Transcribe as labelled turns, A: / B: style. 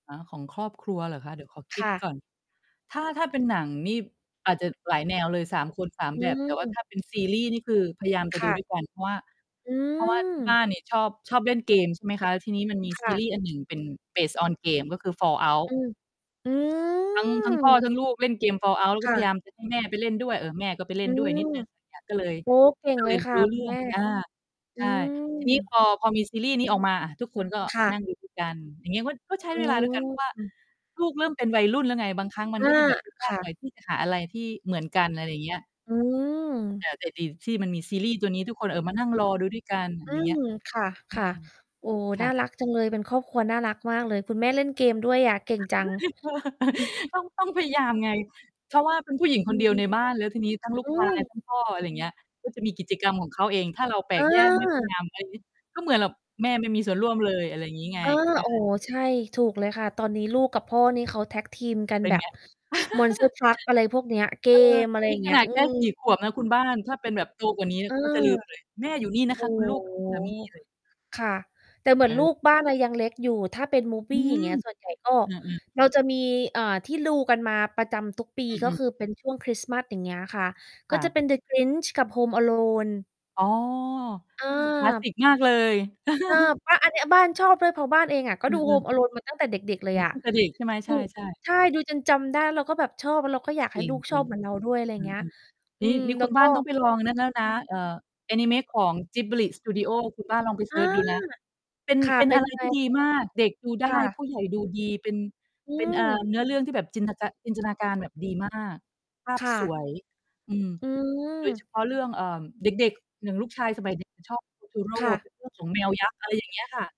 A: อ๋อ ของครอบครัวเหรอคะ? เดี๋ยวขอคิ
B: ค
A: ด
B: ่ะ
A: ก่อน ถ้า ถ้าเป็นหนังนี่อาจจะหลายแนวเลย 3 คน 3
B: อ
A: แบบ แต่ว่า
B: ืม
A: ถ้าเป็นซีรีส์นี่คือพยายามจะ
B: ค
A: ดู
B: ่ะ
A: ด้วยกัน เพราะว่า
B: อ
A: เพราะว่าที่บ
B: ืม
A: ้านนี่ชอบ ชอบเล่นเกม ใช่ไหมคะ แล้วทีนี้มันมี
B: ค
A: ซ
B: ่
A: ี
B: ะ
A: รีส์อันหนึ่งเป็น Base on game ก็คือ Fall out
B: อืม อื
A: ทั้ง ทั้งพ่อ
B: ม
A: ทั้งลูกเล่นเกม Fall out แล้วก
B: ค
A: ็
B: ่
A: พย
B: ะ
A: ายาม จะ ให้แม่ไปเล่นด้วย เออ แม่ก็ไปเล
B: อ
A: ่
B: ื
A: นด้วย
B: ม
A: นิด หนึ่ง อย่าง ก็เลย
B: โอ้โฮ เก่ง
A: ก็
B: เ
A: เ
B: ล
A: ล
B: ย
A: ย
B: ค่
A: ร
B: ะ
A: ู้
B: ค
A: เร
B: ุ
A: ื
B: ณ
A: ่อ
B: แ
A: ง
B: ม่
A: อา
B: อ
A: ใ
B: ื
A: ช่ ทีนี้
B: ม
A: พอ พอมีซีรีส์นี้ออกมา อ่า ทุกคนก็
B: ค
A: ม
B: ่
A: า
B: ะ
A: นั่งดู ด้วย กัน อย่างเงี้ย ก็ ก็
B: อ
A: ใช้
B: ื
A: เวลา
B: ม
A: ด้วยกัน เพราะว่า
B: อือ
A: ลูกเริ่มเป็นวัยรุ่นแล้วไง บางครั้งมั
B: อ
A: น
B: า
A: ก็จะแบบ คุยย
B: ค
A: าก
B: ่
A: ห
B: ะ
A: น่อยที่จะหาอะไรที่เหมือนกัน อะไรอย่างเงี้ย
B: อื
A: แ
B: ม
A: ต่ แต่ดีที่มันมีซีรีส์ตัวนี้ ทุกคน เออ มานั่งรอดูด้วยกัน
B: อื
A: อย่างเงี้
B: ม
A: ย
B: ค
A: อื
B: ่ะ
A: ม
B: ๆ โอ้โฮ
A: ค
B: น่
A: ่ะ
B: ารักจังเลย เป็นครอบครัวน่ารักมากเลย คุณแม่เล่นเกมด้วยอะ เก่งจัง
A: เออ
B: เออ
A: ต้อง ต้องพยายามไง เพราะว่าเป็นผู้หญิง
B: อ
A: ค
B: ื
A: นเดียวใ
B: ม
A: นบ้าน แล้วทีนี้ทั้งลู
B: อ
A: ก
B: ื
A: ชาย
B: ม
A: ทั้งพ่อ อะไรอย่างเงี้ย ก็จะมีกิจกรรมของเขาเอง ถ้าเราแปล
B: อ
A: กแยกไม่พยา
B: า
A: ยาม ไรงี้ ก็เหมือนแบบแม่ไม่มีส่วนร่วมเลย อะไรอย่างงี้ไง
B: เออ
A: ใช่เปล่
B: อ๋อ
A: า
B: ใช่ ถูกเลยค่ะ ตอนนี้ลูกกับพ่อนี่เขาแท็กทีมกัน
A: เป็
B: แ
A: น
B: บ
A: ไ
B: บ
A: ง?
B: Monster Truck อะไรพวกเนี้ย เก
A: เออ
B: ม อะไร
A: นี
B: อย
A: ่
B: ่างเ
A: ข
B: งี้
A: น
B: ย
A: าด
B: อื
A: แค่
B: อ
A: 4 ขวบนะคุณบ้าน ถ้าเป็นแบบโตกว่านี้
B: เออ
A: ก็จะลืม เลย แม่อยู่นี่นะ
B: โอ
A: ค
B: ้
A: ะคุณลูก กั
B: โ
A: บ
B: ฮ
A: คุณสามี
B: ค่ะ แต่เหมือ
A: เ
B: นล
A: ออ
B: ูกบ้านอะยังเล็กอยู่ ถ้าเป็น
A: อื
B: Movie อย่าง
A: ม
B: เงี้ย ส่วนใหญ่ก็
A: อือ ๆ
B: เราจะมี เอ่อ ที่ดู กันมาประจำทุกปี
A: อ
B: ก็
A: ือ
B: ค
A: ๆ
B: ือเป็นช่วงคริสต์มาส อย่างเงี้ยค่ะ
A: ค
B: ก็
A: ่ะ
B: จะเป็น The Grinch กับ Home Alone
A: อ๋อ ค คลาส
B: เอ
A: ส
B: อ
A: ิกมากเลย
B: เออ เพราะอันเนี้ยบ้านชอบด้วย เพราะบ้านเองอะก็
A: อื
B: ดู
A: อ ๆ
B: Home Alone มาตั้งแต่เด็ก ๆ เล
A: อื
B: ย
A: อ
B: อะ
A: ตั้งแต่เด็กใช่ไหม?
B: ถ
A: ใช
B: ูก
A: ่ ๆ
B: ใช่ ดูจนจำได้ เราก็แบบชอบ เราก็อยากให
A: จ
B: ้
A: ริง
B: ลูก
A: จ
B: ช
A: ร
B: อ
A: ิง
B: บเหมือนเราด้วย อะไรอย
A: อ
B: ่
A: ื
B: างเงี้ย
A: อ
B: อ
A: ๆ
B: ื
A: นี้
B: ม
A: นี่
B: แล
A: ค
B: ้
A: ุ
B: ว
A: ณ
B: ก
A: บ้
B: ็
A: านต้องไปลองนั่นแล้วนะ เอ่อ อานิเมะของ Ghibli Studio คุณบ้านลองไป
B: อ
A: เซ
B: า
A: ิร์ชดูนะ เป็น
B: ค่ะ
A: เป็น
B: เป็
A: อ
B: น
A: ะไร
B: อะไร
A: ที่ดี
B: คะ?
A: มาก เด็กดูได
B: ค
A: ้
B: ่
A: ผ
B: ะ
A: ู้ใหญ่ดูดี เป็น
B: อื
A: เป็น เอ่อ
B: ม
A: เนื้อเรื่องที่แบบจินนะจะ จินตนาการแบบดีมาก ภา
B: ค
A: พ
B: ่
A: ส
B: ะ
A: วย อืม
B: อื
A: โดยเ
B: ม
A: ฉพาะเรื่อง เอ่อ เด็ก ๆ ค อย่างลูกชายสมัย นี้ เขาชอบ Totoro
B: ค่ะ
A: เป็นเรื่อง ของแมวยักษ์ อะไรอย่างเงี้ยค่ะ